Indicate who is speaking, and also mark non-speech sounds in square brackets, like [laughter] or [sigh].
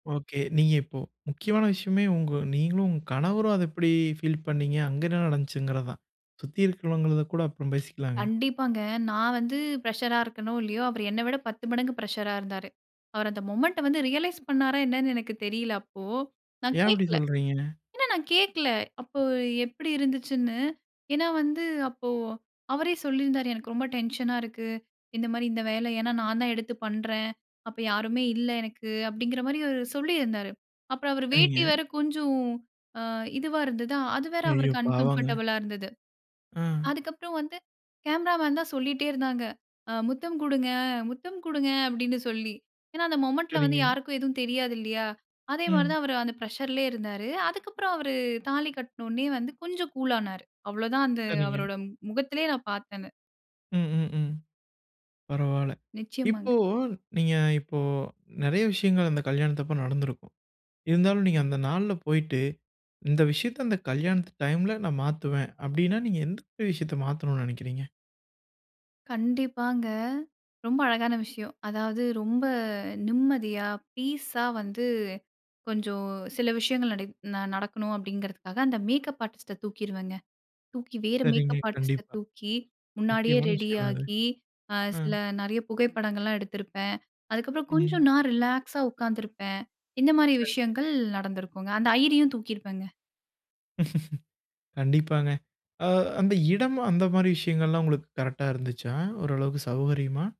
Speaker 1: Okay. நீங்க இப்போ முக்கியமான விஷயமே உங்க நீங்களும் உங்க கணவரும் அத எப்டி ஃபீல் பண்ணீங்க? அங்க என்ன நடந்துச்சுங்கிறது தான் சுத்தி இருக்கிறவங்கத கூட அப்புறம் பேசிக்கலாங்க.
Speaker 2: கண்டிப்பாங்க. நான் வந்து ஃப்ரஷரா இருக்கனோ இல்லையோ அவரு என்னை விட 10 மடங்கு ஃப்ரஷரா இருந்தாரு. அவரு அந்த மொமெண்ட்ட வந்து ரியலைஸ் பண்ணாரா என்னன்னு எனக்கு தெரியல. அப்போ நான்
Speaker 1: ஏன் அப்டி
Speaker 2: கேட்கல.
Speaker 1: சொல்றீங்க?
Speaker 2: ஏன்னா நான் கேட்கல அப்போ எப்டி இருந்துச்சுன்னு. ஏனா வந்து அப்போ அவரே சொல்லியிருந்தாரு "எனக்கு ரொம்ப டென்ஷனா இருக்கு. இந்த மாரி இந்த வேலை. ஏனா, நான் தான் எடுத்து பண்றேன் அப்போ யாருமே இல்ல எனக்கு" அப்டிங்கிற மாரி அவரு சொல்லியிருந்தாரு. அப்புறம் அவரு
Speaker 1: சரிங்க.
Speaker 2: வேட்டி வேற கொஞ்சம் அ இதுவா இருந்தது. அது வேற
Speaker 1: ஐயோ,
Speaker 2: அவருக்கு
Speaker 1: பாவங்க.
Speaker 2: அன்கம்ஃபர்டபுளா இருந்தது.
Speaker 1: அ.
Speaker 2: அதுக்கு அப்புறம் வந்து கேமரா மேன் தான் சொல்லிட்டே இருந்தாங்க. அ ''முத்தம் குடுங்க, முத்தம் குடுங்க'' அப்டின் சொல்லி. ஏனா, அந்த மொமெண்ட்ல வந்து
Speaker 1: சரிங்க.
Speaker 2: யாருக்கும் எதும் தெரியாது இல்லையா? அதே மாரி
Speaker 1: ம்.
Speaker 2: தான் அவரு அந்த பிரஷர்லேயே இருந்தாரு. அதுக்கு அப்புறம் அவரு தாலி கட்னோனே வந்து கொஞ்சம் கூல்லானாரு. அவ்வளோதான் அந்த
Speaker 1: சரிங்க.
Speaker 2: அவரோட முகத்திலேயே நான் பார்த்தது.
Speaker 1: ம், ம், ம். பரவால.
Speaker 2: நிச்சியமாங்க.
Speaker 1: இப்போ நீங்க இப்போ நிறைய விஷயங்கள் அந்த கல்யாணத்த அப்ப நடந்திருக்கும். இருந்தாலும் நீங்க அந்த நாள்ல போயிட்டு இந்த விஷயத்த அந்த கல்யாணத்து டைம்ல நான் மாத்துவேன் அப்டின்னா, நீங்க எந்தந்த விஷயத்த மாத்தணும்னு நெனைக்கிறீங்க?
Speaker 2: கண்டிப்பாங்க, ரொம்ப அழகான விஷயம். அதாவது ரொம்ப நிம்மதியா பீஸா வந்து கொஞ்சம் சில விஷயங்கள் நடை நடக்கணும் அப்டிங்கிறதுக்காக அந்த மேக்கப் ஆர்டிஸ்ட்ட தூக்கிருவேங்க. தூக்கி வேற
Speaker 1: சரிங்க,
Speaker 2: மேக்கப் ஆர்டிஸ்ட்ட
Speaker 1: கண்டிப்பா.
Speaker 2: தூக்கி முன்னாடியே
Speaker 1: முக்கியமான விஷயம்னா அது.
Speaker 2: ரெடியாகி அ
Speaker 1: ம்.
Speaker 2: சில நறைய புகைப்படங்கள்லாம் எடுத்திருப்பேன். அதுக்கப்புறம் கொஞ்சம்
Speaker 1: ம்.
Speaker 2: நான் ரிலாக்ஸா உட்காந்துருப்பேன். இந்த மாரி
Speaker 1: சரிங்க.
Speaker 2: விஷயங்கள் நடந்திருக்குங்க அந்த ஐயரியும் தூக்கிருப்பேங்க.
Speaker 1: [laughs] கண்டிப்பாங்க. அ அந்த இடம் அந்த மாரி விஷயங்கள்லாம் உங்களுக்கு கரெக்ட்டா இருந்துச்சா ஓரளவுக்கு சௌகரியமா?